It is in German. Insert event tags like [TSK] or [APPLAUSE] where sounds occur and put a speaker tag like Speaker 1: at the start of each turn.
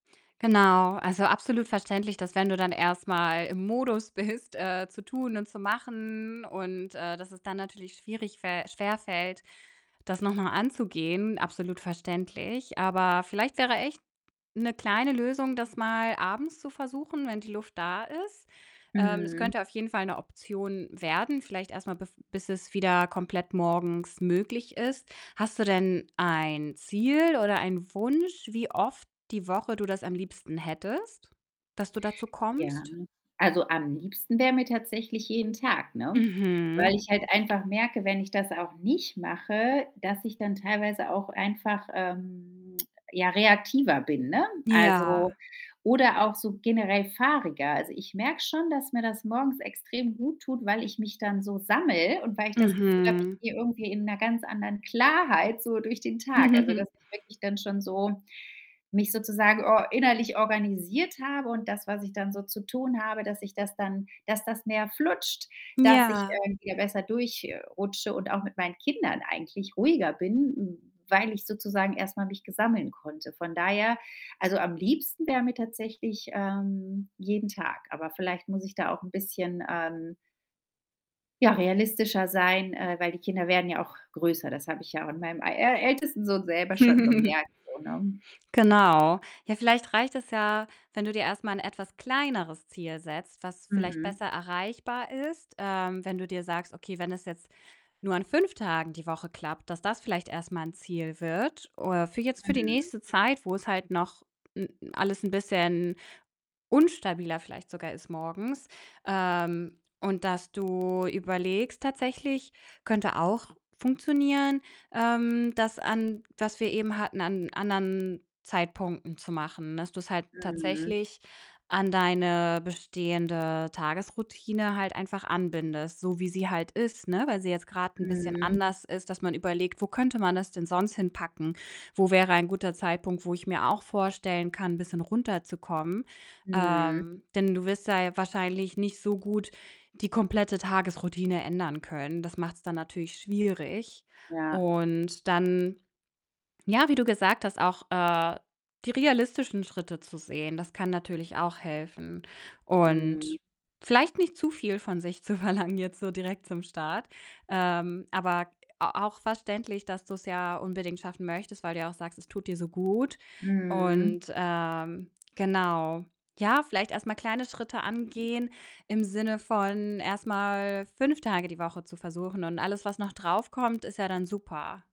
Speaker 1: Genau, also absolut verständlich, dass wenn du dann erst mal im Modus bist, äh, zu tun und zu machen und, äh, dass es dann natürlich schwierig fä schwerfällt, das noch mal anzugehen, absolut verständlich. Aber vielleicht wäre echt 'ne kleine Lösung, das mal abends zu versuchen, wenn die Luft da ist. Ähm, es
Speaker 2: Mhm.
Speaker 1: könnte auf jeden Fall 'ne Option werden, vielleicht erst mal bev bis es wieder komplett morgens möglich ist. Hast du denn ein Ziel oder ein Wunsch, wie oft die Woche du das am liebsten hättest, dass du dazu
Speaker 2: Ja,
Speaker 1: kommst?
Speaker 2: also am liebsten wär mir tatsächlich jeden Tag, ne,
Speaker 1: Mhm.
Speaker 2: weil ich halt einfach merke, wenn ich das auch nicht mache, dass ich dann teilweise auch einfach, ähm, [TSK] ja, reaktiver bin, ne? Also
Speaker 1: Ja.
Speaker 2: oder auch so generell fahriger. Also, ich merke schon, dass mir das morgens extrem gut tut, weil ich mich dann so sammele und weil ich das Gefühl habe, ich
Speaker 1: Mhm.
Speaker 2: gehe irgendwie in 'ner ganz anderen Klarheit so durch den Tag. Also, dass
Speaker 1: [CHUCKLES]
Speaker 2: ich wirklich dann schon so mich sozusagen or innerlich organisiert habe und das, was ich dann so zu tun habe, dass ich das dann dass das mehr flutscht, dass ich,
Speaker 1: Ja.
Speaker 2: ähm, wieder besser durch äh, rutsche und auch mit meinen Kindern eigentlich ruhiger bin, weil ich sozusagen erst mal mich ge sammeln konnte. Von daher also am liebsten wär mir tatsächlich, ähm, jeden Tag, aber vielleicht muss ich da auch 'n bisschen, ähm ja, realistischer sein, äh, weil die Kinder werden ja auch größer. Das habe ich ja auch an meinem ä ältesten Sohn selber schon
Speaker 1: [CHUCKLES]
Speaker 2: gemerkt so, ne?
Speaker 1: Genau. Ja, vielleicht reicht es ja, wenn du dir erst mal 'n etwas kleineres Ziel setzt, was vielleicht
Speaker 2: Mhm.
Speaker 1: besser erreichbar ist, ähm, wenn du dir sagst, okay, wenn es jetzt nur an 5 Tagen die Woche klappt, dass das vielleicht erst mal 'n Ziel wird oder für jetzt für die
Speaker 2: Mhm.
Speaker 1: nächste Zeit, wo es halt noch n alles 'n bisschen unstabiler vielleicht sogar ist morgens. Ähm, und dass du überlegst tatsächlich, könnte auch funktionieren, ähm, das an was wir eben hatten, an anderen Zeitpunkten zu machen, dass du's halt
Speaker 2: Mhm.
Speaker 1: tatsächlich an deine bestehende Tagesroutine halt einfach anbindest, so wie sie halt ist, ne, weil sie jetzt grad 'n bisschen
Speaker 2: Mhm.
Speaker 1: anders ist, dass man überlegt: „Wo könnte man das denn sonst hinpacken? Wo wäre ein guter Zeitpunkt, wo ich mir auch vorstellen kann, 'n bisschen runterzukommen?”
Speaker 2: Mhm.
Speaker 1: Ähm, denn du wirst da wahrscheinlich nicht so gut die komplette Tagesroutine ändern können. Das macht's dann natürlich schwierig
Speaker 2: Ja.
Speaker 1: und dann, ja, wie du gesagt hast, auch, äh, die realistischen Schritte zu sehen, das kann natürlich auch helfen,
Speaker 2: Mhm.
Speaker 1: und vielleicht nicht zu viel von sich zu verlangen jetzt so direkt zum Start. Ähm, aber a auch verständlich, dass du's ja unbedingt schaffen möchtest, weil du ja auch sagst, es tut dir so gut
Speaker 2: Mhm.
Speaker 1: und, ähm, genau. Ja, vielleicht erst mal kleine Schritte angehen im Sinne von erst mal 5 Tage die Woche zu versuchen und alles, was noch draufkommt, ist ja dann super.